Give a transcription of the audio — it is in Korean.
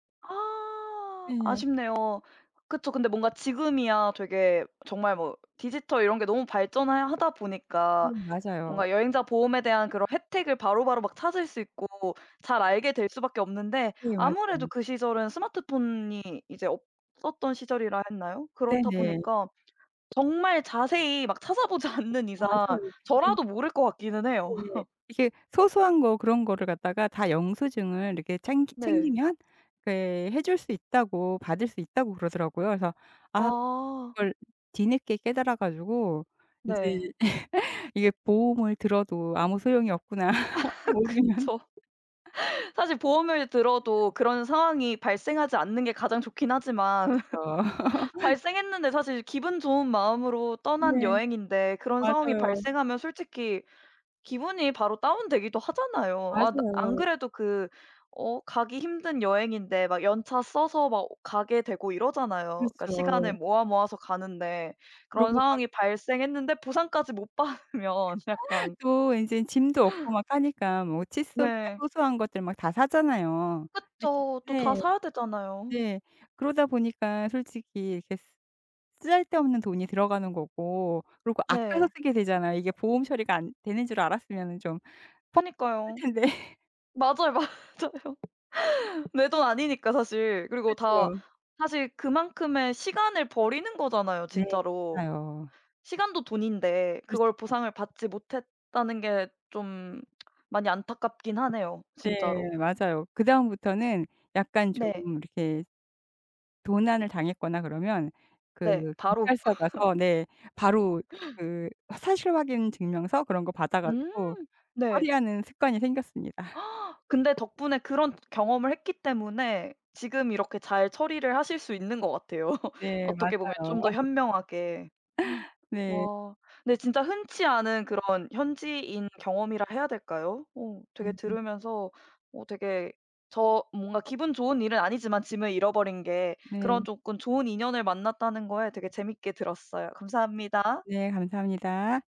아. 예. 아쉽네요. 그쵸. 근데 뭔가 지금이야 되게 정말 뭐 디지털 이런 게 너무 발전을 하다 보니까 음 맞아요. 뭔가 여행자 보험에 대한 그런 혜택을 바로 바로 막 찾을 수 있고 잘 알게 될 수 밖에 없는데 네 아무래도 맞아요. 그 시절은 스마트폰이 이제 없었던 시절이라 했나요? 그렇다 네네. 보니까 정말 자세히 막 찾아보지 않는 이상 맞아요. 이게 저라도 모를 것 같기는 해요. 네. 이게 소소한 거 그런 거를 갖다가 다 영수증을 이렇게 챙 네. 챙기면 그 해 줄 수 있다고 받을 수 있다고 그러더라고요. 그래서 아 아. 그걸 뒤늦게 깨달아 가지고 네. 인제 이게 보험을 들어도 아무 소용이 없구나. 모르면. 그쵸. 사실 보험을 들어도 그런 상황이 발생하지 않는 게 가장 좋긴 하지만 그쵸. 발생했는데 사실 기분 좋은 마음으로 떠난 네. 여행인데 그런 상황이 맞아요. 발생하면 솔직히 기분이 바로 다운되기도 하잖아요. 아 나 안 맞아요. 그래도 그 어 가기 힘든 여행인데 막 연차 써서 막 가게 되고 이러잖아요. 그니까 시간을 그렇죠. 모아, 모아서 가는데 그런 그러고 막 상황이 발생했는데 보상까지 못 받으면 약간 또 인제 짐도 없고 막 하니까 뭐 칫솔이나 네. 소소한 것들 막 다 사잖아요. 이렇게 그쵸. 또 다 네. 사야 되잖아요. 네. 그러다 보니까 솔직히 이렇게 쓰잘데없는 돈이 들어가는 거고 그리고 아껴서 네. 쓰게 되잖아요. 이게 보험 처리가 안 되는 줄 알았으면 좀 퍽 그니까요. 쓸텐데. 맞아요, 맞아요. 내 돈 아니니까 사실. 그리고 다 그렇죠. 사실 그만큼의 시간을 버리는 거잖아요 네. 진짜로. 맞아요. 시간도 돈인데 그렇죠. 그걸 보상을 받지 못했다는 게 쫌 많이 안타깝긴 하네요 네. 진짜로. 맞아요. 그다음부터는 약간 좀 네. 이렇게 도난을 당했거나 그러면 그 네. 바로. 경찰서 가서 네 바로 그 사실확인 증명서 그런 거 받아 음. 가지고 네. 처리하는 습관이 생겼습니다. 근데 덕분에 그런 경험을 했기 때문에 지금 이렇게 잘 처리를 하실 수 있는 것 같아요. 네 어떻게 보면 맞아요. 좀 더 현명하게. 네. 와 근데 진짜 흔치 않은 그런 현지인 경험이라 해야 될까요? 어 되게 음음. 들으면서 어 되게 저 뭔가 기분 좋은 일은 아니지만 짐을 잃어버린 게 네. 그런 조금 좋은 인연을 만났다는 거에 되게 재밌게 들었어요. 감사합니다. 네 감사합니다.